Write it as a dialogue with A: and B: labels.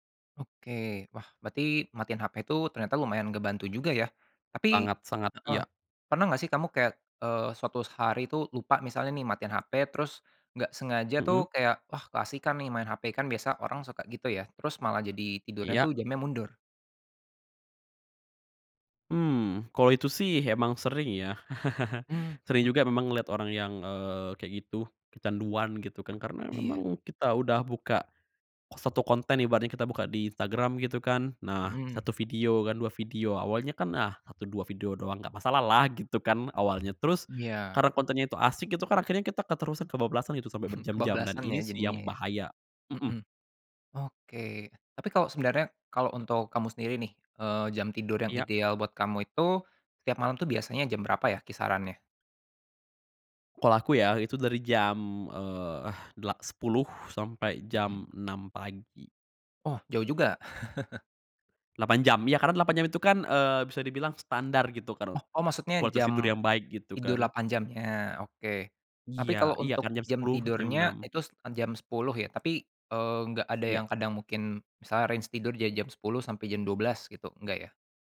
A: Oke, wah berarti matiin HP tuh ternyata lumayan ngebantu juga, ya? Tapi
B: Sangat-sangat
A: heeh,
B: iya.
A: pernah nggak sih kamu kayak, eee, suatu hari tuh lupa misalnya nih matiin HP terus nggak sengaja tuh
B: Mhm.
A: kayak, "Wah, keasikan nih main HP." Kan biasa orang suka gitu ya, terus malah jadi tidurnya tuh
B: Iya.
A: jamnya mundur.
B: Mmm, kalo itu sih emang sering, ya.
A: Mmm.
B: Sering juga memang ngeliat orang yang, eee, kayak gitu, kecanduan, gitu kan. Karena,
A: Iya.
B: memang kita udah buka satu konten ibaratnya, kita buka di Instagram gitu kan, nah
A: Mhm.
B: 1 video kan, 2 video, awalnya kan. Nah, "Satu, dua video doang, nggak masalah lah." Gitu kan, awalnya. Terus,
A: Iya.
B: karena kontennya itu asik itu kan, akhirnya kita keterusan kebablasan gitu sampe berjam-jam, dan
A: Kebablasan
B: ini
A: ya,
B: sih
A: jadinya,
B: yang
A: ya.
B: bahaya. Mhm.
A: Heeh. Oke, tapi kalau sebenarnya kalau untuk kamu sendiri nih, eee, jam tidur yang
B: Iya.
A: ideal buat kamu itu, setiap malam tuh biasanya jam berapa ya, kisarannya?
B: Kalau aku ya, itu dari jam, eee, dela sepuluh sampai
A: Mhm.
B: jam 6 pagi.
A: Oh, jauh juga.
B: 8 jam. Ya, karena 8 jam itu kan, eee, bisa dibilang standar, gitu kan.
A: Oh, oh, maksudnya
B: Kualitas tidur
A: jam
B: yang baik, gitu
A: tidur
B: kan.
A: 8 jam nya? Oke. Tapi,
B: Iya,
A: kalau
B: iya kan
A: untuk
B: jam
A: jam
B: 10 sampai jam
A: tidurnya
B: 6.
A: itu jam 10 ya, tapi, eee, enggak ada
B: Ya.
A: yang kadang mungkin misalnya range tidur dari jam 10, sampai jam 12, gitu, enggak, ya?